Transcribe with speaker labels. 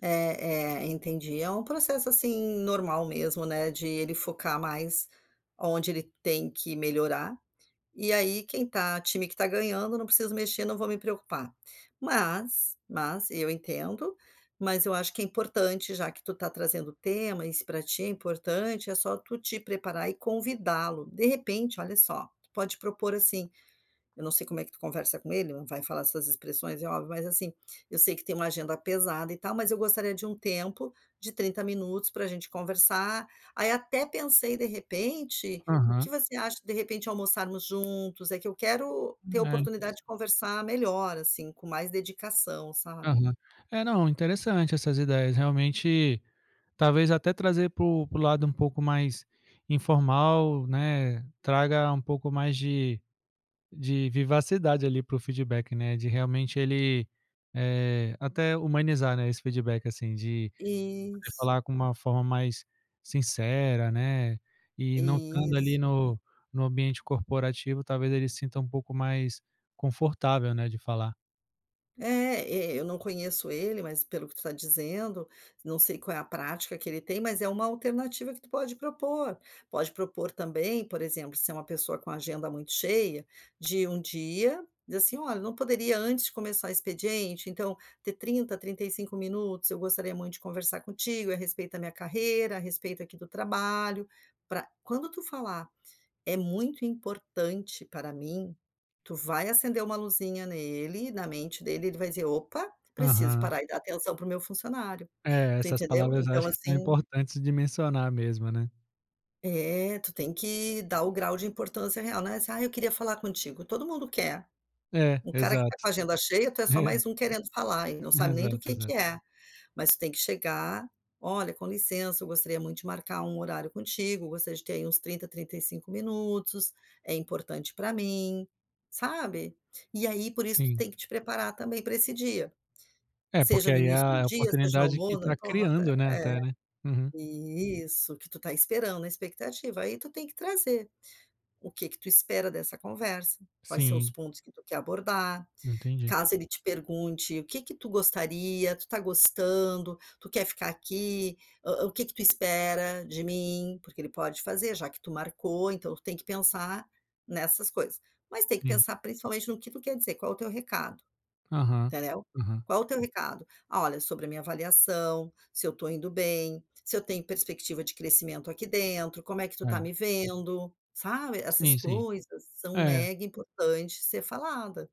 Speaker 1: Eh eh, entendi. É um processo, assim, normal mesmo, né, de ele focar mais aonde ele tem que melhorar. E aí quem está time que está ganhando, não preciso mexer, não vou me preocupar. Mas, mas, eu entendo, mas, eu acho que é importante, já que tu está trazendo temas, e se pra ti é importante, é só tu te preparar e convidá-lo. De repente, olha só, tu pode propor, assim, eu não sei como é que tu conversa com ele, não vai falar essas expressões, é óbvio, mas, assim: "Eu sei que tem uma agenda pesada e tal, mas eu gostaria de um tempo, de 30 minutos pra gente conversar, aí, até pensei de repente, o que
Speaker 2: Aham.
Speaker 1: você acha, de repente, almoçarmos juntos? É que eu quero ter a
Speaker 2: Eh,
Speaker 1: oportunidade
Speaker 2: interessante.
Speaker 1: de conversar melhor, assim, com mais dedicação", sabe.
Speaker 2: Aham. É, não, interessante essas ideias, realmente, talvez até ,trazer para o para o lado um pouco mais informal, né, traga um pouco mais de de vivacidade ali pro feedback, né, de realmente, ele, eh, até humanizar, né, esse feedback, assim, de
Speaker 1: Isso.
Speaker 2: falar com uma forma mais sincera, né, e não estando ali
Speaker 1: Isso.
Speaker 2: no no ambiente corporativo, talvez, ele sinta um pouco mais confortável, né, de falar.
Speaker 1: É, é eu não conheço ele, mas pelo que você está dizendo, não sei qual é a prática que ele tem, mas é uma alternativa que tu pode propor. Pode propor, também, por exemplo, se é uma pessoa com agenda muito cheia, de um dia, dizer assim: "Olha, não poderia antes começar expediente, então, ter 30, 35 minutos? Eu gostaria muito de conversar contigo, a respeito da minha carreira, a respeito, aqui, do trabalho.". Pra quando tu falar, "é muito importante para mim", tu vai acender uma luzinha nele, na mente dele, ele vai dizer: "Opa, preciso
Speaker 2: Aham.
Speaker 1: parar e dar atenção pro meu funcionário.".
Speaker 2: É,
Speaker 1: Tu
Speaker 2: essas
Speaker 1: entendeu?
Speaker 2: palavras, eu
Speaker 1: Então,
Speaker 2: acho que são
Speaker 1: assim
Speaker 2: importantes de mencionar mesmo, né.
Speaker 1: eh, tu tem que dar o grau de importância real, né. "Ah, eu queria falar contigo.", todo mundo quer,
Speaker 2: É,
Speaker 1: um cara que
Speaker 2: exato.
Speaker 1: está com a agenda cheia, tu é só
Speaker 2: É.
Speaker 1: mais um querendo falar e não sabe nem do
Speaker 2: Exato,
Speaker 1: que que
Speaker 2: exato.
Speaker 1: é. Mas, tu tem que chegar: "Olha, com licença, eu gostaria muito de marcar um horário contigo. Gostaria de ter aí uns 30, 35 minutos, é importante pra mim.", sabe, e, aí, por isso, tu
Speaker 2: Sim.
Speaker 1: tem que te preparar também pra esse dia,
Speaker 2: É, porque,
Speaker 1: seja no
Speaker 2: aí, é
Speaker 1: início do
Speaker 2: a
Speaker 1: dia, seja no
Speaker 2: oportunidade que
Speaker 1: almoço, não
Speaker 2: está
Speaker 1: importa.
Speaker 2: criando, né,
Speaker 1: É.
Speaker 2: até, né. Uhum.
Speaker 1: Isso. O que tu está esperando, expectativa, aí tu tem que trazer. O que que tu espera dessa conversa, quais são os
Speaker 2: Sim.
Speaker 1: pontos que tu quer abordar,
Speaker 2: Entendi.
Speaker 1: caso ele te pergunte: "O que que tu gostaria? Tu está gostando? Tu quer ficar aqui? hã hã, o que que tu espera de mim?". Porque ele pode fazer, já que tu marcou então, tu tem que pensar nessas coisas. Mas tem que
Speaker 2: Sim.
Speaker 1: pensar, principalmente, no que tu quer dizer, qual o teu recado?
Speaker 2: Aham,
Speaker 1: Entendeu?
Speaker 2: aham.
Speaker 1: Qual o teu recado? "Olha, sobre a minha avaliação, se eu estou indo bem, se eu tenho perspectiva de crescimento aqui dentro? Como é que tu está
Speaker 2: É.
Speaker 1: me vendo?", sabe essas
Speaker 2: Sim, sim,
Speaker 1: coisas são
Speaker 2: é.
Speaker 1: mega importantes de ser falada.